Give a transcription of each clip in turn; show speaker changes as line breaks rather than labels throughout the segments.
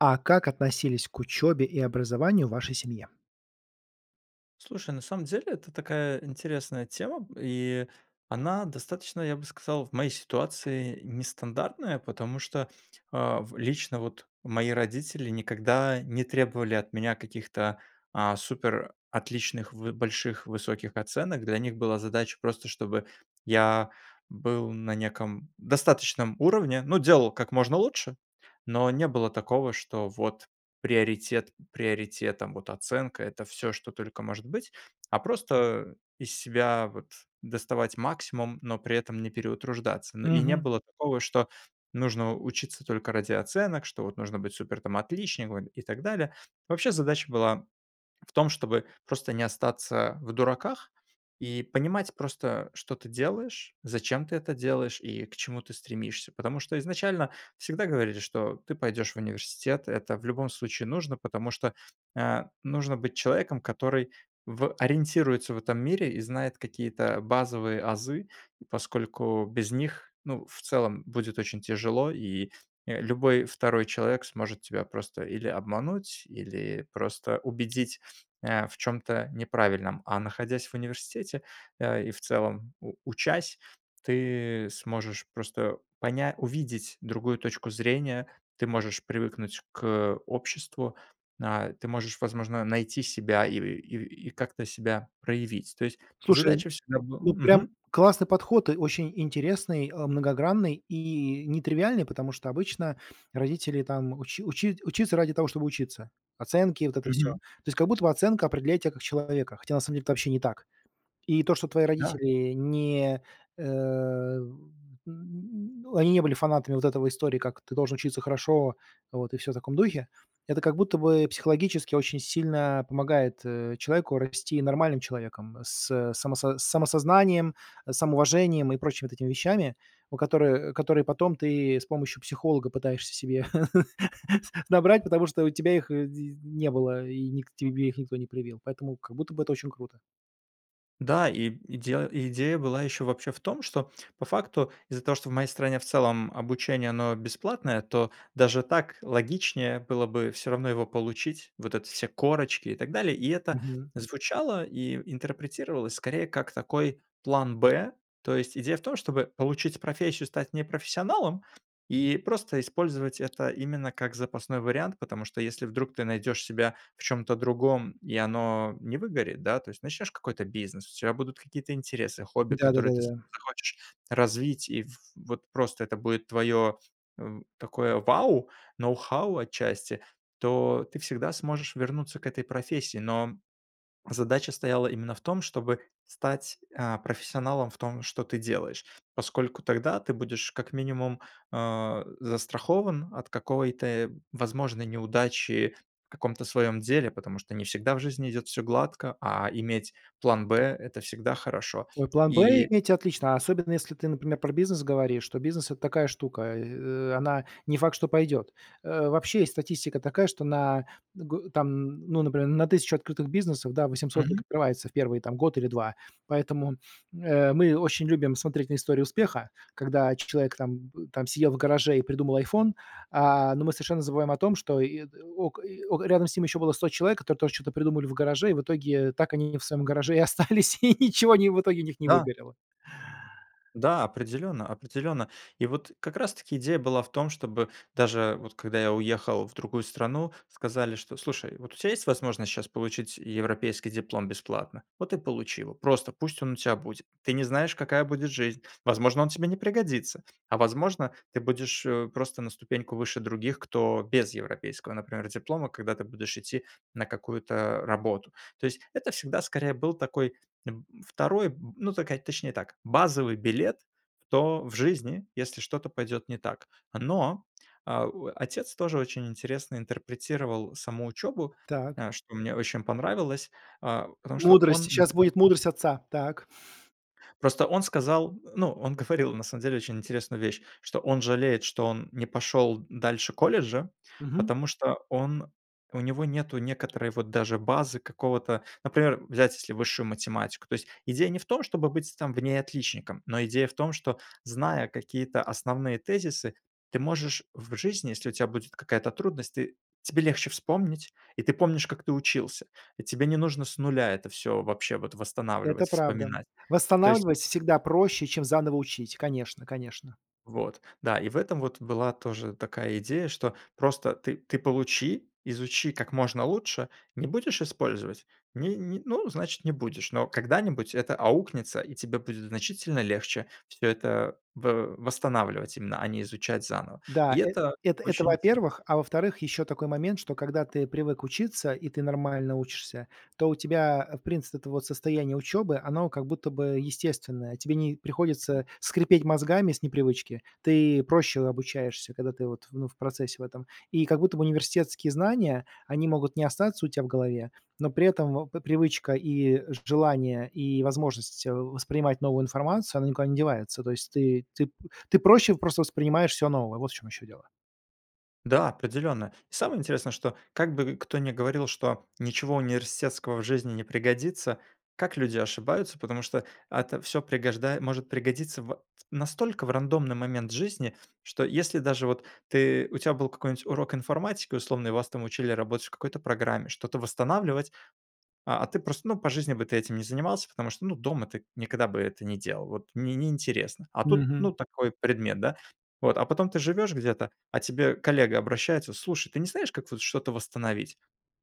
А как относились к учёбе и образованию в вашей семье?
Слушай, на самом деле это такая интересная тема, и она достаточно, я бы сказал, в моей ситуации нестандартная, потому что, а, в лично вот мои родители никогда не требовали от меня каких-то, а, супер отличных в больших, высоких оценок. Для них была задача просто, чтобы я был на неком достаточном уровне, ну делал как
[unintelligible]
можно лучше, но не было такого, что вот приоритет приоритетом, вот оценка- это всё, что только может быть, а просто из себя вот доставать максимум, но при этом не переутруждаться. Но и не
Мгм.
было такого, что нужно учиться только ради оценок, что вот нужно быть супер там отличником и так далее. Вообще, задача была в том, чтобы просто не остаться в дураках и понимать просто, что ты делаешь, зачем ты это делаешь и к чему ты стремишься. Потому что изначально всегда говорили, что ты пойдёшь в университет. Это в любом случае нужно, потому что, а, нужно быть человеком, который в ориентируется в этом мире и знает какие-то базовые азы, поскольку без них, ну, в целом, будет очень тяжело, и, э, любой 2 человек сможет тебя просто или обмануть, или просто убедить, а, в чем-то неправильном. А находясь в университете, э, и, в целом, у учась, ты сможешь просто поня увидеть другую точку зрения. Ты можешь привыкнуть к обществу, а, ты можешь, возможно, найти себя и и и как-то себя проявить. То есть
Слушай,
задача всегда был
ну прям
Мгм.
классный подход, э, очень интересный, а, многогранный и нетривиальный, потому что обычно родители там учи учи учится ради того, чтобы учиться. Оценки, вот это всё.
Мгм.
То есть, как будто оценка определяет тебя как человека, хотя на самом деле это вообще не так. И то, что твои
Да!
родители не, э, эн они не были фанатами вот этого истории, как ты должен учиться хорошо, вот, и всё в таком духе. Это как будто бы психологически очень сильно помогает, э, человеку расти нормальным человеком, с само с самосознанием, с самоуважением и прочими вот этими вещами, у которы которые потом ты с помощью психолога пытаешься себе набрать, потому что у тебя их, э, дз не было, и ник тебе их никто не привил. Поэтому как будто бы это очень круто.
Да, и идела идея была еще вообще в том, что, по факту, из-за того, что в моей стране, в целом, обучение оно бесплатное, то даже так логичнее было бы всё равно его получить, вот эти все корочки и так далее, и это
Мгм.
звучало и интерпретировалось скорее как такой план "Б". То есть идея в том, чтобы получить профессию, стать не профессионалом и просто использовать это именно как запасной вариант. Потому что, если вдруг ты найдёшь себя в чём-то другом, и оно не выгорит, да, то есть начнёшь какой-то бизнес, у тебя будут какие-то интересы, хобби,
Да, да-да,
которые ты с
да-да.
захочешь развить, и в вот просто это будет твоё, м, такое вау, ноу-хау, отчасти, то ты всегда сможешь вернуться к этой профессии, но задача стояла именно в том, чтобы стать, а, профессионалом в том, что ты делаешь. Поскольку тогда ты будешь как минимум, а, застрахован от какой-то возможной неудачи в каком-то своём деле, потому что не всегда в жизни идёт всё гладко, а иметь план "Б" это всегда хорошо.
Ой, план "Б"
И
иметь- отлично, особенно если ты, например, про бизнес говоришь, то бизнес это такая штука, э, она не факт, что пойдет. Э, вообще, есть статистика такая, что на дг там, н ну, например, на 1000 открытых бизнесов, да, 800
Мгм.
закрывается в 1, там, год или 2, поэтому, э, мы очень любим смотреть на истории успеха, когда человек там, м, там сидел в гараже и придумал iPhone, а, но мы совершенно забываем о том, что и ок и о рядом с ними было еще 100 человек, которые тоже чё-то придумали в гараже, и в итоге так они в своем гараже и остались, и ничего они в итоге у них не
Да!
выгорело.
Да, определенно, определенно, и вот как раз таки идея была в том, чтобы даже вот, когда я уехал в другую страну, сказали, что: "Слушай, вот у тебя есть возможность сейчас получить европейский диплом бесплатно, вот и получи его, просто пусть он у тебя будет." Ты не знаешь, какая будет жизнь, возможно, он тебе не пригодится, а возможно, ты будешь, э, просто на ступеньку выше других, кто без европейского, например, диплома, когда ты будешь идти на какую-то работу. То есть это всегда, скорее, был такой б 2 б ну, така точнее так, базовый билет в то в жизни, если что-то пойдет не так. Но, а, о отец тоже очень интересно интерпретировал саму учебу,
Так.
а, что мне очень понравилось, а, потому что
Мудрость!
он.
Сейчас будет
[unintelligible]
мудрость отца. Так.
Просто он сказал, ну, он говорил, на самом деле, очень интересную вещь, что он жалеет, что он не пошел дальше колледжа,
Мгм.
потому что он, у него нету некоторой вот даже базы какого-то. Например, взять если высшую математику. То есть идея не в том, чтобы быть там в ней отличником, но идея в том, что, зная какие-то основные тезисы, ты можешь в жизни, если у тебя будет какая-то трудность, ты тебе легче вспомнить, и ты помнишь, как ты учился. И тебе не нужно с 0 это всё вообще вот
Это
восстанавливать,
правда!
вспоминать, то есть у
Восстанавливать
тебя
всегда проще, чем заново учить, конечно, конечно.
Вот. Да, и в этом вот была тоже такая идея, что просто ты ты получи, изучи как можно лучше, не будешь использовать, ни ни, ну, значит, не будешь, но когда-нибудь это аукнется, и тебе будет значительно легче всё это в восстанавливать именно, а не изучать заново.
Да,
И
э,
это
это это
очень интересно.
во-первых, а во-вторых, еще такой момент, что, когда ты привык учиться, и ты нормально учишься, то у тебя, э, в принципе, это вот состояние учебы- оно как будто бы естественное. Тебе не приходится скрипеть мозгами с непривычки. Ты проще обучаешься, когда ты вот, ну, в процессе в этом. И как будто бы университетские знания, они могут не остаться у тя в голове, но при этом в п привычка и желание, и возможность воспринимать новую информацию, она никуда не девается. То есть ты ты ты проще просто воспринимаешь всё новое, вот в чем еще дело.
Да, определенно. Самое интересное, что как бы кто ни говорил, что ничего университетского в жизни не пригодится, как люди ошибаются. Потому что это ат всё пригожда может пригодиться в настолько в рандомный момент жизни, что если даже вот ты, у тя был какой-нибудь урок информатики условно и вас учили работать в какой-то программе, что-то восстанавливать, а, а ты просто, ну, по жизни бы ты этим не занимался. Потому что, ну, дома ты никогда бы это не делал, вот не не интересно, а тут, ну,
Мгм.
такой предмет, да? Вот. А потом ты живешь где-то, а к тебе коллега обращается: "Слушай, ты не знаешь, как вот что-то восстановить?"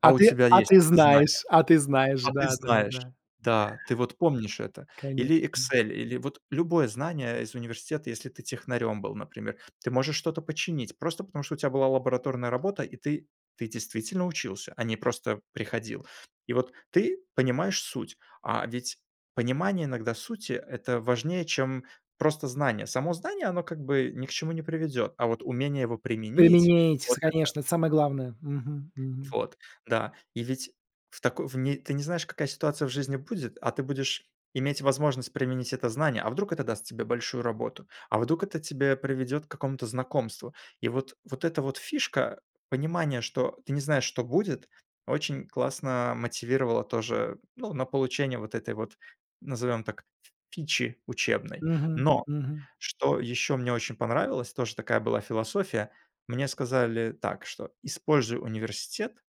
А
А у
ты
тебя
а
есть
ты
это знание.
знаешь а ты знаешь,
А ты знаешь.
да-да-да.
Да, ты вот помнишь это. Или
Конечно.
Excel, или вот любое знание из университета, если ты технарем был, например. Ты можешь что-то починить просто потому, что у тебя была лабораторная работа и ты ты действительно учился, а не просто приходил. И вот ты понимаешь суть, а ведь понимание, иногда, сути- это важнее, чем просто знание. Само знание, оно как бы ни к чему не приведет, а вот умение его применить-
Применяетесь,
вот это
конечно, это самое главное. Мгм, мгм.
Вот. Да. И ведь в тако в не ты не знаешь, какая ситуация в жизни будет, а ты будешь иметь возможность применить это знание. А вдруг это даст тебе большую работу, а вдруг это тебя приведет к какому-то знакомству. И вот, вот эта вот фишка, понимание, что ты не знаешь, что будет, очень классно мотивировало тоже, ну, на получение вот этой вот, назовем так, ф фичи учебной.
Мгм,
Но,
мгм.
что еще мне очень понравилось, тоже такая была философия, мне сказали так что: "Используй университет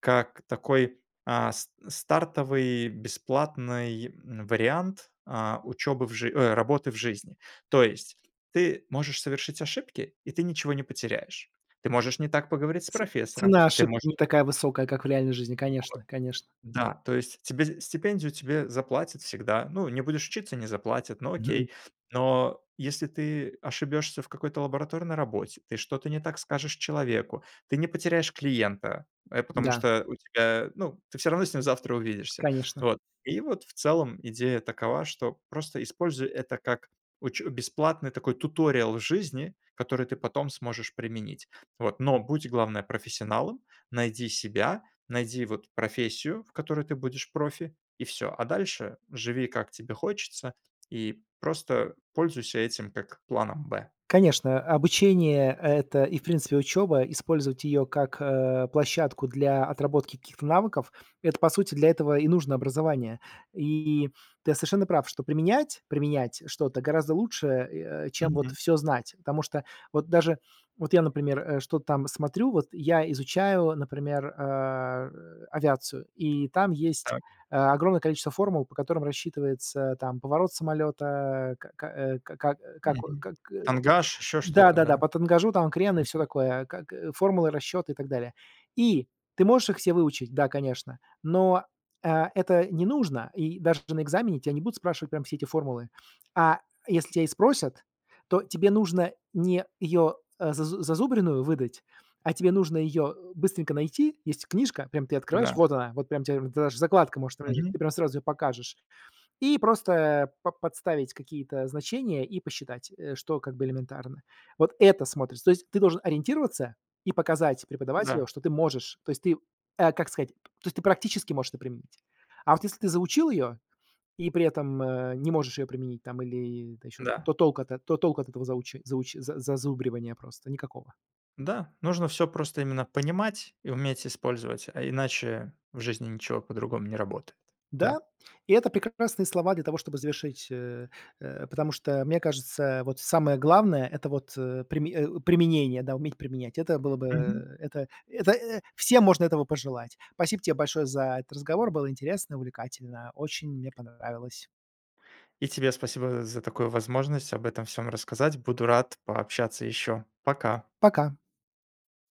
как такой, а, с стартовый бесплатный, м, вариант, э, учебы в жи ой, работы в жизни". То есть, ты можешь совершить ошибки, и ты ничего не потеряешь. Ты можешь не так поговорить с
Ц
профессором,
цена
ты
ошибки
можешь
не такая высокая, как в реальной жизни, конечно, конечно.
Да, то есть, тебе стипендию тебе заплатят всегда. Ну, не будешь учиться- не заплатят, ну, окей. Но если ты ошибешься в какой-то лабораторной работе, ты что-то не так скажешь человеку- ты не потеряешь клиента, э, потому
Да.
что у тебя ну, ты всё равно с ним завтра увидишься.
Конечно.
Вот. И вот в целом идея такова, что просто используй это как уч бесплатный, такой, туториал в жизни, который ты потом сможешь применить. Вот. Но будь, главное, профессионалом, найди себя, найди, вот, профессию, в которой ты будешь профи, и всё. А дальше живи, как тебе хочется, и просто пользуйся этим как планом Б.
Конечно, обучение- это и в принципе учеба. Использовать ее как, э, площадку для отработки каких-то навыков, это, по сути, для этого и нужно образование. И ты совершенно прав, что применять, применять что-то гораздо лучше, э, чем вот
Мгм.
всё знать. Потому что вот даже, вот я, например, э, что-то там смотрю, вот я изучаю, например, а, э, авиацию, и там есть
Так.
э, огромное количество формул, по которым рассчитывается, там, поворот самолета, к к э, ка как, как,
Мгм.
как,
Тангаж, еще что-то,
да-да-да,
да?
по тангажу, там, крен и всё
Мгм.
такое, как, э, формулы расчета и так далее. И ты можешь их все выучить, да, конечно, но, э, это не нужно. И даже на экзамене тя не будут спрашивать прям все эти формулы. А если тебя и спросят, то тебе нужно не ее, а, зазу зазубренную выдать, а тебе нужно ее быстренько найти. Есть книжка, прям ты открываешь,
Да.
вот она, вот прям тебе д даже закладка может там лежать,
Мгм.
ты прям сразу ее покажешь, и просто па подставить какие-то значения и посчитать, э, что как бы элементарно. Вот это смотрится. То есть ты должен ориентироваться и показать преподавателю,
Да.
что ты можешь. То есть ты, э, как сказать, то есть, ты практически можешь это применить. А вот если ты заучил ее и при этом, э, не можешь ее применить, там или это еще,
Да.
то толку от это то толку от этого зауч зауч зазубривания просто никакого.
Да, нужно всё просто именно понимать и уметь использовать, а иначе в жизни ничего по-другому не работает.
Да,
Да.
и это прекрасные слова для того, чтобы завершить, э, э, потому что мне кажется, э, вот, самое главное- это вот, э, приме о, применение, да, уметь применять. Это было бы
Мгм.
это это всем можно этого пожелать. Спасибо тебе большое за этот разговор, было интересно, увлекательно, очень мне понравилось.
И тебе спасибо з за такую возможность об этом всём рассказать, буду рад пообщаться ещё. Пока!
Пока.